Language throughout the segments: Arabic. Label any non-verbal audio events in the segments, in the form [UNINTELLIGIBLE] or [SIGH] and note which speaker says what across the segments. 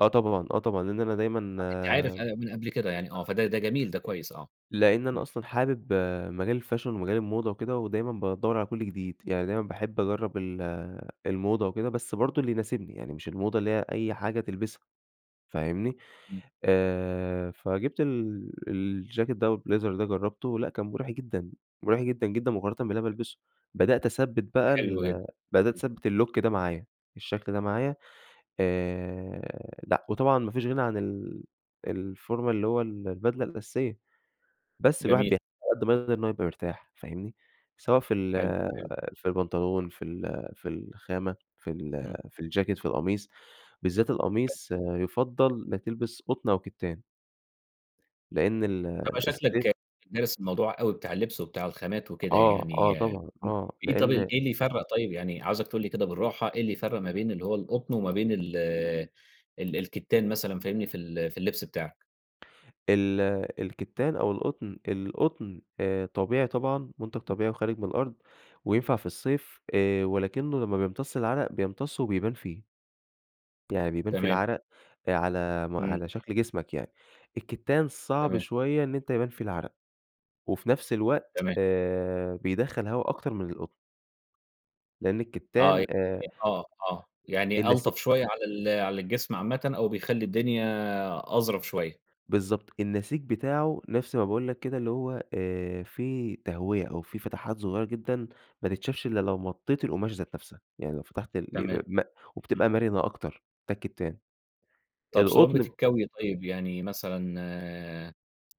Speaker 1: آه طبعًا، آه طبعًا، لأن أنا
Speaker 2: آه، أنت عارف
Speaker 1: دايمًا
Speaker 2: أنا من قبْل كده يعني، آه فده ده جميل، ده كويس، آه.
Speaker 1: لأن أنا
Speaker 2: إمم.
Speaker 1: أصلًا حابب مجال الfashion ومجال الموضة وكده ودايمًا بادوّر على كلّ جديد، يعني دايمًا باحب أجرّب ال الموضة وكده، بس برضه اللي يناسبني يعني مش الموضة اللي هي أي حاجة تلبِسها. فاهمني،
Speaker 2: إمم.
Speaker 1: آآ فجِبت ال الجاكيت ده أو الblazer ده جرّبته. لأ كان مُريح جدًا، مُريح جدًا، جدًا، مقارنةً باللي أنا
Speaker 2: [UNINTELLIGIBLE]
Speaker 1: بالبِسه. بدأت أثبّت بقى
Speaker 2: حلو جدًا.
Speaker 1: ال بدأت
Speaker 2: إمم.
Speaker 1: أثبّت الlook ده معايا، الشكل ده معايا آآ، لأ وطبعًا ما فيش غِنى عن ال الformal اللي هو ال البدلة الأساسية بس الواحد
Speaker 2: جميل.
Speaker 1: بيحتاج علي قد ما يقدَر إن هو يبقى مرتاح، فاهمني، سواء في ال
Speaker 2: حلو، حلو.
Speaker 1: في البنطلون، في ال في الخامة في ال
Speaker 2: إمم.
Speaker 1: في الجاكيت، في القميص، بالذات
Speaker 2: [UNINTELLIGIBLE]
Speaker 1: القميص، يُفضّل إنّك تلبِس قطن أو كِتّان. لأن ال
Speaker 2: أنت بقى شكلك
Speaker 1: الصيف
Speaker 2: دارس الموضوع أوي بتاع اللِّبس وبتاع الخامات وكده
Speaker 1: آه، آه
Speaker 2: يعني.
Speaker 1: طبعًا،
Speaker 2: إمم.
Speaker 1: آه،
Speaker 2: إيه طَب ال
Speaker 1: لأن
Speaker 2: إيه اللي يفرَّق طيب يعني، عاوزك تقول لي كده بالراحة إيه اللي يفرَّق ما بين اللي هو القطن، وما بين ال ال الكِتّان مثلًا، فاهمني، في ال في اللِّبس بتاعك؟
Speaker 1: ال الكِتّان أو القطن. القطن آآ طبيعي طبعًا، مُنتَج
Speaker 2: إمم.
Speaker 1: طبيعي وخارِج من الأرض وينفَع في الصيف آآ، ولكنّه لمّا بيمتصّ العرَق بيمتصّه وبيبان فيه. يعني بيبان فيه
Speaker 2: تمام.
Speaker 1: العرَق آآ على م
Speaker 2: إمم.
Speaker 1: على شكْل جسمك يعني. الكِتّان صعب
Speaker 2: تمام.
Speaker 1: شوية إن أنت يبان فيه العرَق، وفي نفْس الوقت
Speaker 2: تمام.
Speaker 1: آآ بيدخّل هوا أكتر من القطن. لأن
Speaker 2: آه،
Speaker 1: الكتان آآ
Speaker 2: يعني آه، آه، يعني ألطَف
Speaker 1: النسي
Speaker 2: شوية على ال على الجسم عامةً أو بيخلّي الدنيا أظرَف شوية.
Speaker 1: بالضبط، النسيج بتاعه نفْس ما باقول لك كده، اللي هو آآ فيه تهوية أو فيه فتحات صغيّرة جدًا ما تتشافش إلّا لو مطّيت القماشة ذات نفْسها، يعني لو فتحت الإ
Speaker 2: تمام.
Speaker 1: ب م
Speaker 2: إمم.
Speaker 1: وبتبقى مرِنة أكتر، ده الكتان.
Speaker 2: طَب صعوبة
Speaker 1: القطن
Speaker 2: الكوي طيب، يعني مثلًا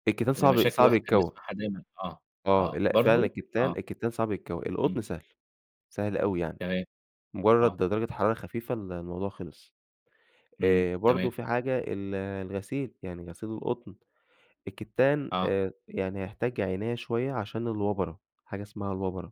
Speaker 1: الكتان
Speaker 2: من
Speaker 1: صعب
Speaker 2: المشاكل اللي
Speaker 1: صعب
Speaker 2: الواحد كان
Speaker 1: يتكوى.
Speaker 2: بيسمَعها دايمًا آه،
Speaker 1: آه،
Speaker 2: آه.
Speaker 1: لأ فعلًا
Speaker 2: برضه؟
Speaker 1: الكتان
Speaker 2: آه.
Speaker 1: الكتان صعب يتكوى،
Speaker 2: إمم.
Speaker 1: القطن سهل، سهل أوي يعني.
Speaker 2: تمام.
Speaker 1: مجرّد
Speaker 2: آه.
Speaker 1: د درجة حرارة خفيفة ال الموضوع خلِص.
Speaker 2: إمم،
Speaker 1: آآ، برضه
Speaker 2: تمام.
Speaker 1: في حاجة، ال الغسيل، يعني غسيل القطن، الكتان
Speaker 2: آه.
Speaker 1: آآ، يعني هيحتاج عناية شوية عشان الوبَرة. حاجة إسمها الوبَرة.